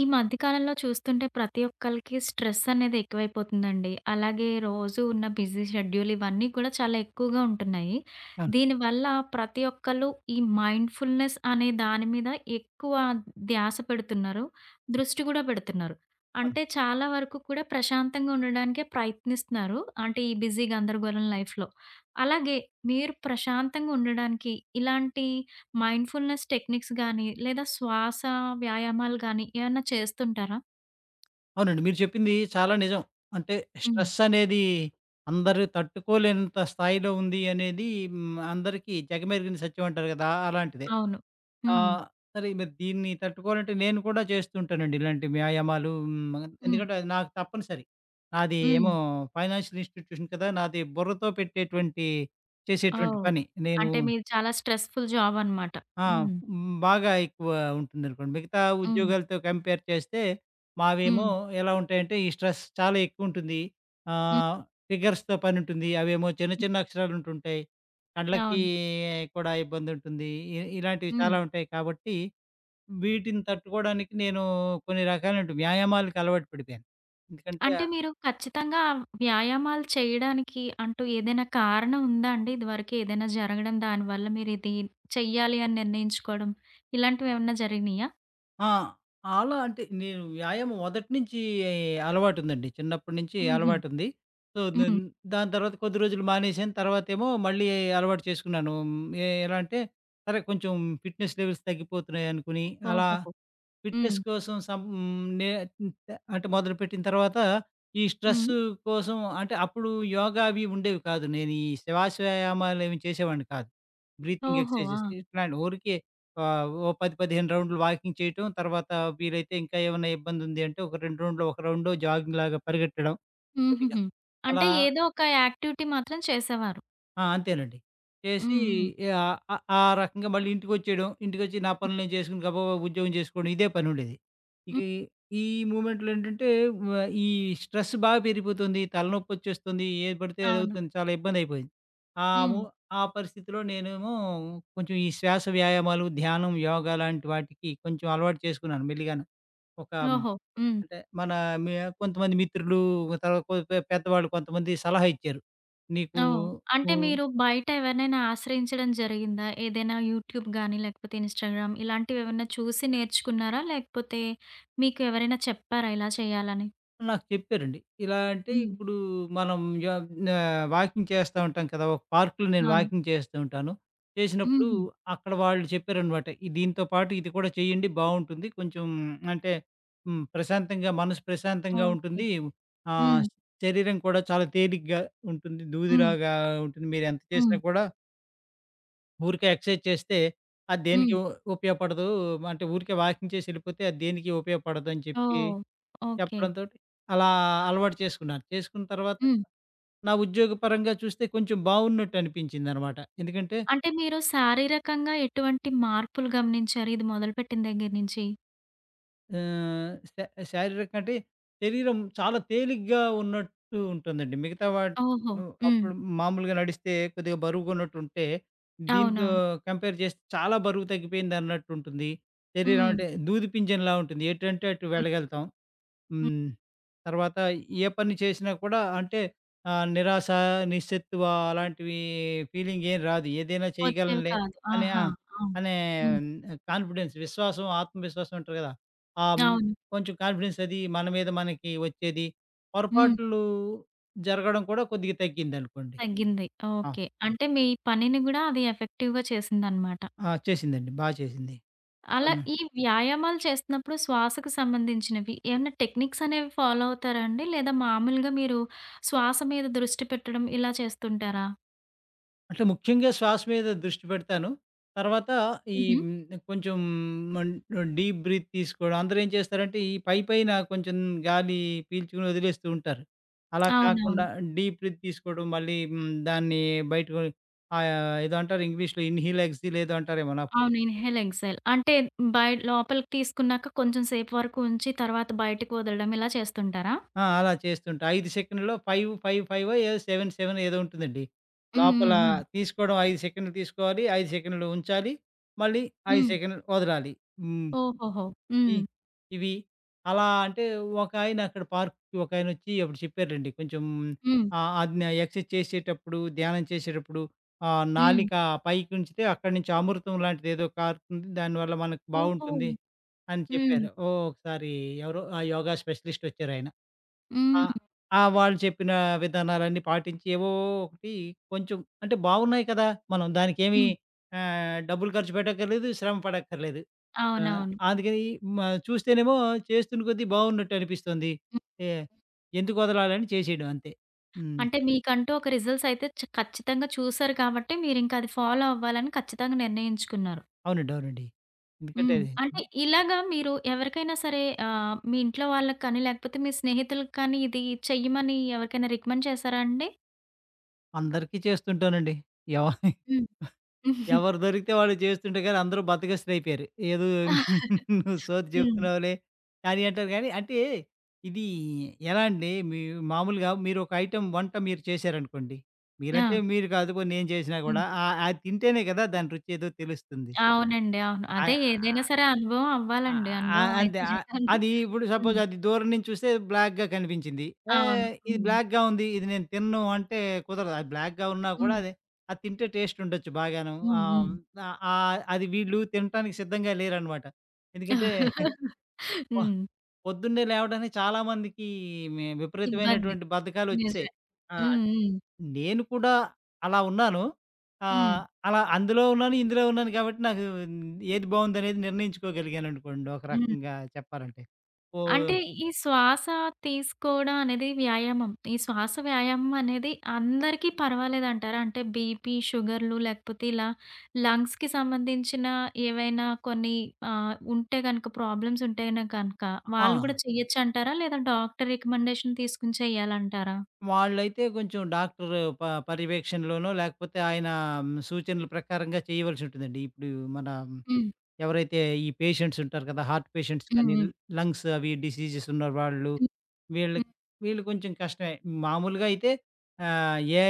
ఈ మధ్య కాలంలో చూస్తుంటే ప్రతి ఒక్కళకి స్ట్రెస్సనేది ఎక్కువైపోతుందండి. అలాగే రోజు ఉన్న బిజీ షెడ్యూల్ ఇవన్నీ కూడా చాలా ఎక్కువగా ఉంటున్నాయి. అవును. దీనివల్ల ప్రతి ఒక్కళ్ళు ఈ మైండ్‌ఫుల్‌నెస్ అనే దాని మీద ఎక్కువ ధ్యాస పెడుతున్నారు. దృష్టి కూడా పెడుతున్నారు. అవును. అంటే చాలా వరకు కూడా ప్రశాంతంగా ఉండడానికే ప్రయత్నిస్తున్నారు. అంటే ఈ బిజీ గందరగోరం లైఫ్‌లో. అలాగే మీరు ప్రశాంతంగా ఉండడానికి ఇలాంటి మైండ్‌ఫుల్‌నెస్ టెక్నిక్స్ గాని, లేదా శ్వాస వ్యాయామాలు గానీ ఏమన్నా చేస్తుంటారా? అవునండి. మీరు చెప్పింది చాలా నిజం. అంటే హ్మ్. స్ట్రెస్సనేది అందరు తట్టుకోలేనంత స్థాయిలో ఉంది అనేది హ్మ్. అందరికీ జగమెరిగిన సత్యం అంటారు కదా! అలాంటిదే. అవును. హ్మ్. ఆహ్, సరే మరి దీన్ని తట్టుకోవాలంటే నేను కూడా చేస్తూ ఉంటానండి. ఇలాంటి వ్యాయామాలు హ్మ్, హ్మ్. ఎందుకంటే అది నాకు తప్పనిసరి. నాది హ్మ్. ఏమో ఫైనాన్షియల్ ఇన్‌స్టిట్యూషన్ కదా! నాది బుర్రతో పెట్టేటువంటి చేసేటువంటి ఓహ్! పని. నేను అంటే మీరు చాలా స్ట్రెస్‌ఫుల్ జాబనమాట. ఆ! హ్మ్. బాగా ఎక్కువ ఉంటుందనుకోండి. మిగతా హ్మ్. ఉద్యోగాలతో కంపేర్ చేస్తే మావేమో హ్మ్. ఎలా ఉంటాయంటే ఈ స్ట్రెస్ చాలా ఎక్కువుంటుంది. హ్మ్. ఆహ్, ఫిగర్స్‌తో పనుంటుంది. అవేమో చిన్న హ్మ్. చిన్న అక్షరాలుంటుంటాయి. కండ్లకి అవును. కూడా ఇబ్బందుంటుంది. ఇ ఇలాంటివి హ్మ్. చాలా ఉంటాయి కాబట్టి వీటిని తట్టుకోడానికి నేను కొన్ని రకాలైనటు వ్యాయామాలకి అలవాటు పడిపోయాను. ఎందుకంటే అంటే మీరు ఖచ్చితంగా వ్యాయామాలు చేయడానికి అంటూ ఏదైనా కారణం ఉందా అండి? ఇదివరకేదైనా జరగడం, దానివల్ల మీరిది చెయ్యాలి అని నిర్ణయించుకోడం ఇలాంటివేవన్నా జరిగినీయా? ఆ! అలా అంటే, నేను వ్యాయామం. మొదటి నుంచి అలవాటుందండి. చిన్నప్పటి నుంచి హుహు. అలవాటుంది. సో, నేన్ హ్మ్. దాని తర్వాత, కొద్ది రోజులు మానేసాను. తర్వాతేమో మళ్ళీ, అలవాటు చేసుకున్నాను. ఆహ్, ఎ ఎలా అంటే, సరే కొంచెం ఫిట్నెస్ లెవెల్స్ తగ్గిపోతున్నాయనుకోని, అలా ఓహోహో! ఫిట్నెస్ హ్మ్. కోసం, సం హ్మ్. నే హ్మ్. తే అంటే మొదలుపెట్టిన తర్వాత, ఈ హ్మ్. స్ట్రెస్సు కోసం అంటే, అప్పుడు యోగా అవి ఉండేవి కాదు. నేను ఈ శివాశయామాలేవి చేసేవాడిని కాదు. బ్రీతింగ్ ఓహో! ఎక్సర్‌సైజేస్ ఆ! ఇట్లాంటివి. ఊరికే, ఆ! ఓ 10, 15 రౌండ్లు వాకింగ్ చేయటం. తర్వాత వీలైతే ఇంకా ఏవన్నా, ఇబ్బందుందుంటే, ఒక రెండు రౌండ్లో, ఒక రౌండో జాగింగ్‌లాగా పరిగెట్టడం. కొద్దిగా. హుహుహు. అలా అంటే, ఏదో ఒక యాక్టివిటీ మాత్రం చేసేవారు. ఆ! అంతేనండి. చేసి హ్మ్. హ్మ్. ఆహ్, ఆ ఆ రకంగా మళ్ళీ ఇంటిికోచ్చేయడం, ఇంటిికోచ్చి నా పనులు నేను జేసుకోని, గబబబ ఉద్యోగం జేసుకోవడం, ఇదే పనుండేది. ఇక హ్మ్. ఈ ఈ మూవ్‌మెంట్‌లో ఏంటంటే, వ ఈ స్ట్రెస్ బా పెరిగిపోతుంది. తలనోప్పోచ్చేస్తుంది. ఏది పడితే అవును. అదవుతుంది, చాలా ఇబ్బందయిపోయింది. ఆము హ్మ్. ఆ పరిస్థితిలో నేనేమో, కొంచెం ఈ శ్వాస వ్యాయామాలు, ధ్యానం, యోగ లాంటి వాటికి, కొంచెం అలవాటు చేసుకున్నాను మెళ్ళిగాను. ఒక ఆహ్, ఓహో! హ్మ్. అంటే, మన మ్యా కొంతమంది మిత్రులు, తరవాత కొ పె పెద్దవాళ్ళు కొంతమంది సలహా ఇచ్చారు. నీకు ఓహ్! అంటే, హ్మ్. మీరు బయట ఎవరినైనా ఆశ్రయించడం జరిగిందా? ఏదైనా యూట్యూబ్ గాని, లేకపోతే ఇన్స్‌టాగ్రామ్ ఇలాంటివి ఏవన్నా చూసి, నేర్చుకున్నారా? లేకపోతే మీకు ఎవరైనా చెప్పారా ఇలా చేయాలని? నాకు చెప్పారండి. ఇలా అంటే హ్మ్. ఇప్పుడు మనం యా ఆహ్, వాకింగ్ చేస్తా ఉంటాం కదా! ఒక పార్కులో నేను అవును. వాకింగ్ చేస్తూ ఉంటాను. చేసినప్పుడు హుహు. అక్కడ వాళ్ళు చెప్పారన్నమాట. ఈ దీంతో పాటు ఇది కూడా చేయండి బావుంటుంది. కొంచెం అంటే హ్మ్, ప్రశాంతంగా, మనసు ప్రశాంతంగా ఓకే. ఉంటుంది. ఆహ్, హ్మ్. శరీరం కూడా చాలా తేలికగా ఉంటుంది. హ్మ్. దూదిలాగా ఉంటుంది మీరెంత చేసినా హ్మ్. కూడా ఊరికే ఎక్సర్సైజ్ చేస్తే అది హ్మ్. దేనికి ఉ ఉపయోగపడదు. అంటే ఊరికే వాకింగ్ చేసెళ్ళిపోతే అది దేనికి ఉపయోగపడదని చెప్పి ఓహ్! ఓకే. చెప్పడంతోటి అలా అలవాటు చేసుకున్నాను. చేసుకున్న తర్వాత హ్మ్. నా ఉద్యోగపరంగా చూస్తే కొంచెం బావున్నట్టనిపించిందనమాట. ఎందుకంటే అంటే మీరు శారీరకంగా ఎటువంటి మార్పులు గమనించారు? ఇది మొదలుపెట్టిన దగ్గర నుంచి? ఆహ్, శా శారీరక అంటే శరీరం చాలా తేలిగ్గా ఉన్నట్టు ఉంటుందండి. మిగతా వాటి ఓహో! ను హ్మ్. అప్పుడు మామూలుగా నడిస్తే కొద్దిగా బరువుగున్నట్టుంటే దీంతో అవునవును. కంపేర్ చేస్తే చాలా బరువు తగ్గిపోయిందన్నట్టుంటుంది. శరీరం హ్మ్. అంటే దూది పింజంలా ఉంటుంది. ఎటంటే అటు హ్మ్. వెళ్ళగలుతాం. హ్మ్. హ్మ్. తర్వాత ఏ పని చేసినా కూడా అంటే ఆహ్, నిరాశ, నిస్సత్తువా అలాంటివి ఫీలింగ్ ఏం రాదు. ఏదైనా వచ్చేవి చేయగలనే కాదు. అనే ఆ! ఆహా! అవును. అనే హ్మ్. కాన్ఫిడెన్స్ విశ్వాసం, ఆత్మవిశ్వాసం ఉంటారు కదా! ఆ అవును. కొంచెం కాన్ఫిడెన్స్ అది మన మీద మనకి వచ్చేది. హ్మ్. పొరపాట్లు జరగడం కూడా కొద్దిగా తగ్గిందనుకోండి. తగ్గింది. ఆ! ఓకే. అంటే మీ పనిని గూడా అది ఎఫెక్టివ్‌గా చేసిందనమాట. ఆ! చేసిందండి. బా చేసింది. అలా అవును. ఈ వ్యాయామాలు చేస్తున్నప్పుడు శ్వాసకు సంబంధించినవి, ఏమైనా టెక్నిక్స్ అనేవి ఫాలో అవుతారా అండి? లేదా మామూలుగా మీరు శ్వాస మీద దృష్టి పెట్టడం ఇలా చేస్తుంటారా? అంటే, ముఖ్యంగా శ్వాస మీద దృష్టి పెడతాను, తర్వాత ఈ హుహు. హ్మ్, కొంచెం మం ఆహ్, డీప్ బ్రీత్ తీసుకోవడం. అందరేం చేస్తారంటే ఈ పైపైన కొంచెం గాలి పీల్చుకొని వదిలేస్తూ ఉంటారు. అలా అవునవును. కాకుండా డీప్ బ్రీత్ తీసుకోవడం మళ్ళీ హ్మ్, దాన్ని బయటకి ఆహ్, ఏదో అంటారు ఇంగ్లీష్‌లో ఇన్‌హేల్, ఎక్స్‌హేల్ ఏదో అంటారేమో నాకు అవును. ఇన్‌హేల్, ఎక్స్‌హేల్ అంటే, బయ లోపలికి తీసుకున్నాక కొంచెం సేపు వరకు ఉంచి తర్వాత బయటకి వదలడం ఇలా చేస్తుంటారా? ఆ! అలా చేస్తుంటే 5 సెకండ్‌లో, ఫైవు, 5, ఫైవో ఏదో 7, 7 ఏదో ఉంటదండి. హ్మ్, లోపల హ్మ్, హ్మ్. తీసుకోవడం 5 సెకండ్లు తీసుకోవాలి. 5 సెకండ్లు ఉంచాలి. మళ్ళీ 5 హ్మ్. సెకండ్లు వదలాలి. హ్మ్. ఓహోహో! ఇ హ్మ్. ఇవి అలా అంటే, ఒకాయన అక్కడ పార్కుకి ఒకాయనొచ్చి అప్పుడు చెప్పారండి. కొంచెం హ్మ్. ఆహ్, అది నా ఎక్సర్సైజ్ చేసేటప్పుడు, ధ్యానం చేసేటప్పుడు ఆహ్, హ్మ్. నాలిక పైకి ఉంచితే అక్కడి నుంచి అమృతంలాంటిదేదో కారుతుంది. దానివల్ల మనకు ఓహో! బావుంటుంది అని హ్మ్. చెప్పారు. ఓ ఒకసారి ఎవరో ఆ! యోగా స్పెషలిస్టొచ్చారాయన. ఆ హ్మ్. ఆ! వాళ్ళు చెప్పిన విధానాలన్నీ పాటించి ఏవో ఒకటి కొంచెం అంటే, బావున్నయి కదా! మనం దానికేమి హ్మ్. ఆహ్, డబ్బులు ఖర్చు పెట్టక్కర్లేదు. శ్రమ పడక్కర్లేదు. ఆ! అవునవును. అందుకని మా చూస్తేనేమో చేస్తున్న కొద్ది బావున్నట్టనిపిస్తంది. హ్మ్. ఎ ఎందుకొదలాలని చేసేయడం అంతే. హ్మ్. అంటే, మీకంటూ ఒక రిజల్ట్స్ అయితే చ ఖచ్చితంగా చూసారు కాబట్టి మీరింకా అది ఫాలో అవ్వాలని ఖచ్చితంగా నిర్ణయించుకున్నారు. అవునండి. అవునండి. ఎందుకంటే హ్మ్. అది అంటే, హ్మ్. ఇలాగా మీరు ఎవరికైనా సరే ఆహ్, మీ ఇంట్లో వాళ్ళకి కానీ, లేకపోతే మీ స్నేహితులకి కానీ ఇది చెయ్యమని ఎవరికైనా రికమెండ్ చేశారా అండి? అందరికీ చేస్తుంటానండి. ఎవ హ్మ్. ఎవరు దొరికితే వాళ్ళు చేస్తుంటే కానీ అందరూ బద్దకస్తులైపోయారు. ఏదో నువ్వు సోది హ్మ్. చెప్తున్నావులే, కానీ అంటారు గానీ. అంటే, ఇది ఎలా అండి మీ మామూలుగా మీరొక ఐటెమ్ వంట మీరు చేశారనుకోండి? మీరంటే ఆ! మీరు కాదు పోని నేను చేసినా హ్మ్. కూడా ఆహ్, అది తింటేనే కదా! దాని రుచేదో తెలుస్తుంది. అవునండి. అవును. అయ్ అదే ఆహ్, ఏదైనా సరే అనుభవం ఆహ్, అవ్వాలండి. ఆ! అనుభవం అంతే అయితే ఆహ్, చేయాలి. అది ఇప్పుడు హ్మ్. సపోజ్ అది దూరం నుంచి చూస్తే బ్లాక్‌గా కనిపించింది. అవును. ఏహ్! ఇది హ్మ్. బ్లాక్‌గా ఉంది. ఇది నేనుతినను అంటే కుదరదు. అది బ్లాక్‌గా ఉన్నా కూడా హ్మ్. అది, అది తింటే టేస్టుండొచ్చు బాగాను. హ్మ్. ఆహ్, హ్మ్. హ్మ్, ఆహ్, ఆహ్, అది వీళ్ళు తినటానికి సిద్ధంగా లేరనమాట. ఎందుకంటే, ప హ్మ్. పొద్దున్నే లేవడానికి చాలామందికి మే ఇబ్బంది. విపరీతమైనటువంటి బద్ధకాలొచ్చెసాయి. నిజమే. ఆహ్, హ్మ్. హ్మ్. నేను కూడా అలా ఉన్నాను. ఆహ్, హ్మ్. అలా అందులో ఉన్నాను, ఇందులో ఉన్నాను కాబట్టి, నాకు ఏది బావుందనేది నిర్ణయించుకోగలిగాననుకోండి ఒక హ్మ్. రకంగా చెప్పాలంటే. ఓహ్! అంటే, ఈ శ్వాస తీసుకోవడం అనేది వ్యాయామం. ఈ శ్వాస వ్యాయామం అనేది అందరికీ పర్వాలేదంటారా? అంటే బీపీ, షుగర్లు లేకపోతే ఇలా లంగ్స్‌కి సంబంధించిన ఏవైనా కొన్ని ఆహ్, ఉంటే గనక ప్రాబ్లమ్సుంటేనే గనక, అ వాళ్ళు కూడా ఆ! చేయొచ్చంటారా? లేదా డాక్టరు రికమెండేషన్ తీసుకొని చేయాలంటారా? వాళ్ళైతే కొంచెం డాక్టరు ప పర్యవేక్షణలోనో, లేకపోతే ఆయన సూచనల ప్రకారంగా చేయవలసుంటుందండి. ఇప్పుడు మన హ్మ్. ఎవరైతే, ఈ పేషెంట్సుంటారు కదా! హార్ట్ పేషెంట్స్ హ్మ్. కానీ, హ్మ్. లంగ్స్ అవి డిసీజెసున్న వాళ్ళు, హ్మ్, వీళ్ళకి, హ్మ్. వీళ్ళు కొంచెం కష్టమే. మామూలుగా అయితే ఆహ్, ఏ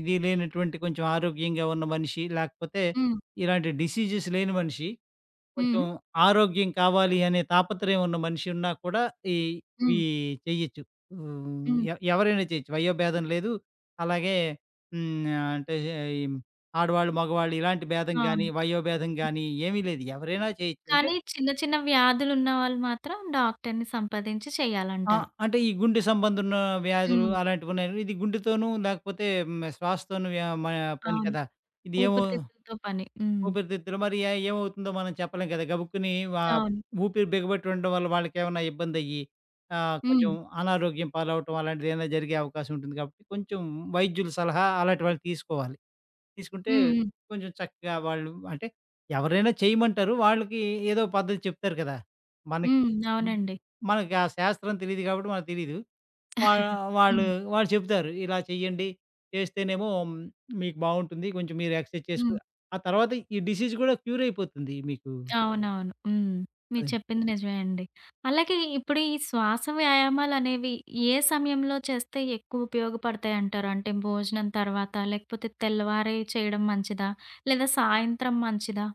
ఇది లేనటువంటి కొంచెం ఆరోగ్యంగా ఉన్న మనిషి, లేకపోతే హ్మ్. ఇలాంటి డిసీజెస్ లేని మనిషి, కొంచెం హ్మ్. ఆరోగ్యం కావాలి అనే తాపత్రయం ఉన్న మనిషున్నా కూడా ఈ, ఈ హ్మ్. చేయొచ్చు. వు హ్మ్. ఎ ఎవరైనా చేయొచ్చు. వయోభేదం లేదు. అలాగే, హ్మ్, నా అంటే ఈ ఆడవాళ్ళు, మగవాళ్ళు ఇలాంటి భేదం అవును. గాని, వయోభేదం హ్మ్. గాని ఏమీ లేదు. ఎవరైనా చేయొచ్చు అంటే కానీ చిన్న, చిన్న వ్యాధులున్న వాళ్ళు మాత్రం డాక్టర్ని సంప్రదించి ఆ! చేయాలంటారు. అంటే ఈ గుండె సంబంధున్న వ్యాధులు హ్మ్. అలాంటివున్నాయంటె ఇది గుండెతోను, లేకపోతే హ్మ్, ఆహ్, శ్వాసతోను వ మ పని అవును. కదా! ఇదేమో, ఊపిరితిత్తలతో పని. హ్మ్. ఊపిరితిత్తులు మరి అయి ఏమవుతుందో మనం చెప్పలేం కదా! గబుక్కుని వా అవును. ఊపిరి బిగబెట్టి ఉండడం వల్ల వాళ్ళకేమన్నా ఇబ్బందయ్యి, ఆహ్, కొంచెం హ్మ్. అనారోగ్యం పాలవటం అలాంటిదేదైనా జరిగే అవకాశం ఉంటుంది కాబట్టి, కొంచెం వైద్యుల సలహా అలాంటి వాళ్ళు తీసుకోవాలి. తీసుకుంటే, హ్మ్. హ్మ్. కొంచెం చక్కగా వాళ్ళు అంటే ఎవరైనా చేయమంటారు. వాళ్ళకి ఏదో పద్ధతి చెప్తారు కదా! మనకి హ్మ్. హ్మ్, అవునండి. మనకు ఆ శాస్త్రం తెలీదు గాబట్టి మనకు తెలీదు. వా వాళ్ళు, హ్మ్. వాళ్ళు చెప్తారు. ఇలా చెయ్యండి, చేస్తేనేమో హ్మ్, మీకు బాగుంటుంది. కొంచెం మీరు ఎక్స్‌ర్‌సైజ్ చేసుకొ హ్మ్. ఆ తర్వాత ఈ డిసీజ్ కూడా క్యూరైపోతుంది మీకు. అవునవును. హ్మ్. మీరు అదండి. చెప్పింది నిజమే అండి. అలాగే ఇప్పుడు ఈ శ్వాస వ్యాయామాలనేవి, ఏ సమయంలో చేస్తే ఎక్కువ ఉపయోగపడతాయంటారు? అంటే భోజనం తర్వాతా? లేకపోతే తెల్లవారే చేయడం మంచిదా? లేదా సాయంత్రం మంచిదా?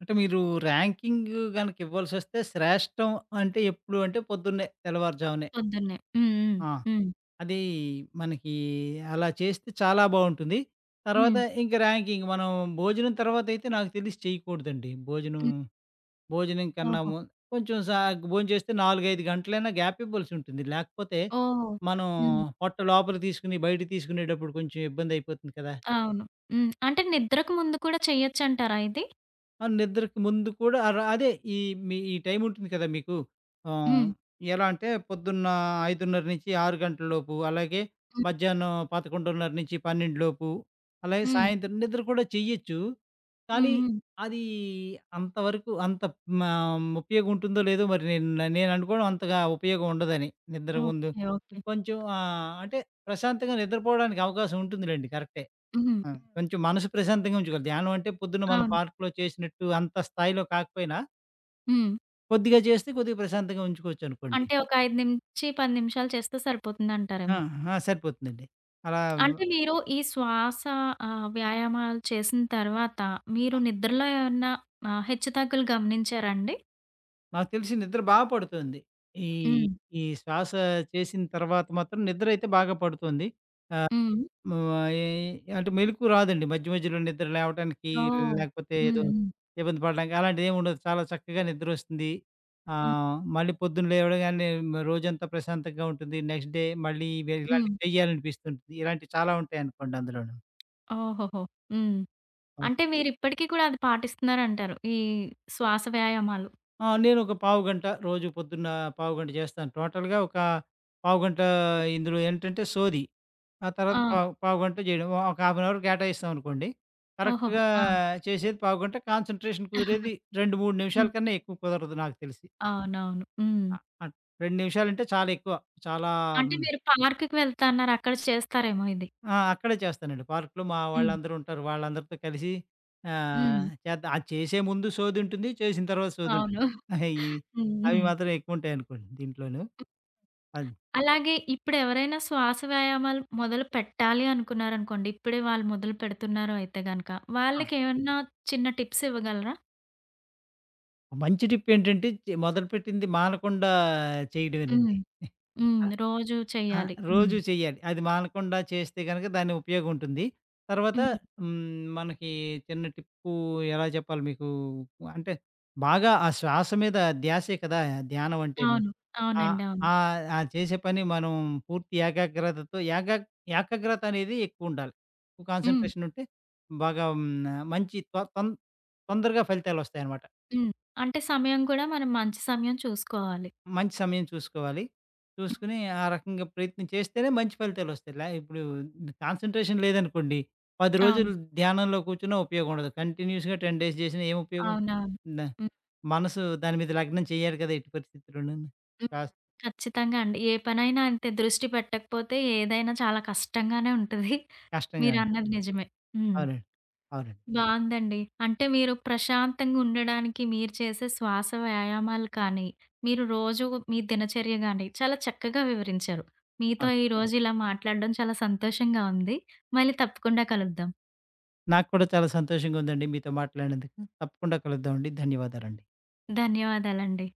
అంటే, మీరు ర్యాంకింగ్ గనకివ్వాల్సొస్తే శ్రేష్టం అంటే, ఎప్పుడు అంటే, పొద్దున్నే, తెల్లవారుజామనే పొద్దున్నే. హ్మ్. హ్మ్. ఆ! హ్మ్. అదీ, మనకి అలా చేస్తే, చాలా బావుంటుంది. తర్వాత, హ్మ్. ఇంక ర్యాంకింక మనం, భోజనం తర్వాతయితే నాకు తెలిసి చేయకూడదండి. భోజనం, హ్మ్. భోజనం కన్నా ఓహో! ము కొంచెం సాగ్, భోం చేస్తే, 4,5 గంటలైనా గ్యాపీబల్సుంటుంది. లాకపోతే, ఓహూ! మనం హ్మ్. పొట్ట లోపల తీసుకొని, బయట తీసుకునేటప్పుడు కొంచెం ఇబ్బందయిపోతుంది కదా! అవును. హ్మ్. అంటే, నిద్రకు ముందు కూడా, చేయొచ్చంటారా ఇది? ఆ! నిద్రకు ముందు కూడా అర అదే, ఈ మీ ఈ టైముంటుంది కదా మీకు. ఆహ్, హ్మ్. ఎలాంటే, పొద్దున్న 5:30-6 గంటలలోపు అలాగే, హ్మ్. మధ్యాహ్నం 11:30-12 లోపు. అలాగే, హ్మ్. సాయంత్రం నిద్ర కూడా చేయొచ్చు. హ్మ్. కానీ, హ్మ్. అదీ అంతవరకు అంత మా ఉపయోగుంటుందో, లేదో మరి నేన్ నేననుకోడం, అంతగా ఉపయోగం ఉండదని నిద్ర ముందు. ఓకే. ఓకే. కొంచెం ఆహ్, అంటే, ప్రశాంతంగా నిద్రపోవడానికి అవకాశం ఉంటుందిలెండి. కరెక్టే. హుహు. హ్మ్. ఆ! కొంచెం మనసు ప్రశాంతంగా ఉంచుకోవాలి. ధ్యానం అంటే, పొద్దున మనం అవును. పార్క్‌లో చేసినట్టు, అంత స్థాయిలో కాకపోయినా హ్మ్. కొద్దిగా జేస్తే కొద్దిగా ప్రశాంతంగా ఉంచుకోవచ్చునుకోండి. అంటే, ఒక 5-10 నిమిషాలు చేస్తే ఆ! సరిపోతుందంటారేమో. ఆహా! సరిపోతుందండి. అలా మ్ అంటే, మీరు ఈ శ్వాస ఆహ్, వ్యాయామాలు చేసిన తర్వాత, మీరు ఆ! నిద్రలో ఏవన్నా ఆహ్, హెచ్చుతగ్గులు గమనించారాండి? నాకు తెలిసి నిద్ర బా పడుతోంది. ఈ హ్మ్. ఈ శ్వాసా చేసిన తర్వాత మాత్రం నిద్రయితే బాగా పడుతోంది. ఆహ్, హ్మ్. ము ఆహ్, ఏయీ అంటే, మెలుకువ రాదండి, మధ్య మధ్యలో నిద్ర లేవటానికి, ఓహ్! లేకపోతే హ్మ్. ఏదో హ్మ్. ఇబ్బంది పడడానికి అలాంటిదేవుండదు. చాలా చక్కగా నిద్రొస్తుది. హ్మ్. ఆహ్, మళ్ళీ పొద్దున లేవడగానే మ్ రోజంతా ప్రశాంతంగా ఉంటుంది. నెక్స్ట్ డే మళ్ళీ ఇవే హ్మ్. ఇలాంటియి చెయ్యాలనిపిస్తుంటది. ఇలాంటియి చాలా ఉంటాయనుకోండి అందులోను. ఓహోహో! హ్మ్. హ్మ్. అంటే, మీరు ఇప్పటికి కూడా అది పాటిస్తున్నారంటారు, ఈ శ్వాస వ్యాయామాలు. ఆ! నేనొక పావుగంట, రోజూ పొద్దున్నా పావుగంట జేస్తాను. టోటల్‌గా ఒక పావుగంటా ఇందులో ఏంటంటే, సోది. ఆ తర్వాత ఆ! పావు పావుగంటో జేయడమో, ఒక హాఫ్ ఏన్ అవర్ కేటాయిస్తామనుకోండి. ఓహోహో! కరక్ట్‌గా ఆ! చేసేది పావుగంట. కాన్సంట్రేషన్ కుదిరేది 2, 3 హ్మ్. నిమిషాల కన్నా ఎక్కువ కుదరదు నాకు తెలిసి. అవునవును. హ్మ్. ఆ! ఆ! 2 నిమిషాలంటే చాలా ఎక్కువ. చాలా అంటే, హ్మ్ మీరు పార్కుకి వెళ్తా అన్నారు, అక్కడ చేస్తారేమో ఇది. ఆ! అక్కడే చేస్తానండి. పార్కులో మా హ్మ్. వాళ్ళందరుంటారు, వాళ్ళందరితో కలిసి. ఆహ్, హ్మ్. చేద్ద అది చేసే ముందు సోదుంటుంది, చేసిన తర్వాత అవును. సోదుంటుంది. ఆహా! ఇయి హ్మ్. అవి హుహు. మాత్రం ఎక్కువంటాయనుకోండి దీంట్లోను. అది. అలాగే, ఇప్పుడెవరైనా శ్వాస వ్యాయామాలు మొదలుపెట్టాలి అనుకున్నారనుకోండి, ఇప్పుడే వాళ్ళు మొదలుపెడుతున్నారు అయితే గనక, ఆ! వాళ్ళకేవన్నా చిన్న టిప్సివ్వగలరా? మంచి టిప్పేంటంటే చే మొదలుపెట్టింది మానకుండా హ్మ్. చేయడమేనండి. హ్మ్. ఆహ్, రోజు ఆ! చెయ్యాలి. హ్మ్. రోజు చెయ్యాలి. అది మానకుండా చేస్తే గనక దానికి ఉపయోగం ఉంటుంది. తర్వాత హ్మ్. హ్మ్, మనకి చిన్న టిప్పు ఎలా చెప్పాలి మీకు అంటే, బాగా ఆ శ్వాస మీద ధ్యాసే కదా! ధ్యానం అంటేను అవును. అవునండి. ఆహ్, అవును. ఆహ్, ఆ చేసే పని మనం పూర్తి ఏకాగ్రతతో ఏకా ఏకాగ్రతనేది ఎక్కువుండాలి. హ్మ్. కాన్సన్‌ట్రేషన్ ఉంటే. బాగా హ్మ్, మంచి తొ తొన్ తొందరగా ఫలితాలొస్తాయనమాట. హ్మ్. అంటే సమయం కూడా మనం మంచి సమయం చూసుకోవాలి. మంచి సమయం చూసుకోవాలి? చూసుకొని ఆ రకంగా ప్రయత్నం చేస్తేనే మంచి ఫలితాలొస్తాయి. ల ఇప్పుడు కాన్సన్‌ట్రేషన్ లేదనుకోండి. 10 రోజులు అవును. ధ్యానంలో కూర్చున్న ఉపయోగం ఉండదు. కంటిన్యూస్‌గా 10 డేస్ చేసినా ఏం ఉపయోగం ఉంటంది? అవునవును. డా హ్మ్. మనసు దాని మీద లగ్నం చేయాలి కదా! ఎట్టి పరిస్థితిలోనను. హ్మ్. ఆస్ ఖచ్చితంగా అండి. ఏ పనైనా అంతే దృష్టి పెట్టకపోతే ఏదైనా చాలా కష్టంగానే ఉంటది. కష్టంగాంట. మీరన్నది నిజమే. హ్మ్. అవునండి. అవునండి. బావుందండి. అంటే, మీరు ప్రశాంతంగా ఉండడానికి మీరు చేసే శ్వాస వ్యాయామాలు కానీ, మీరు రోజు మీ దినచర్య గాని, చాలా చక్కగా వివరించారు. మీతో అవును. ఈరోజు ఇలా మాట్లాడడం చాలా సంతోషంగా ఉంది. మళ్ళీ తప్పకుండా కలుద్దాం. నాకు కూడా చాలా సంతోషంగా ఉందండి. మీతో మాట్లాడినందుకు. తప్పకుండా కలుద్దామండి. ధన్యవాదాలండి. ధన్యవాదాలండి.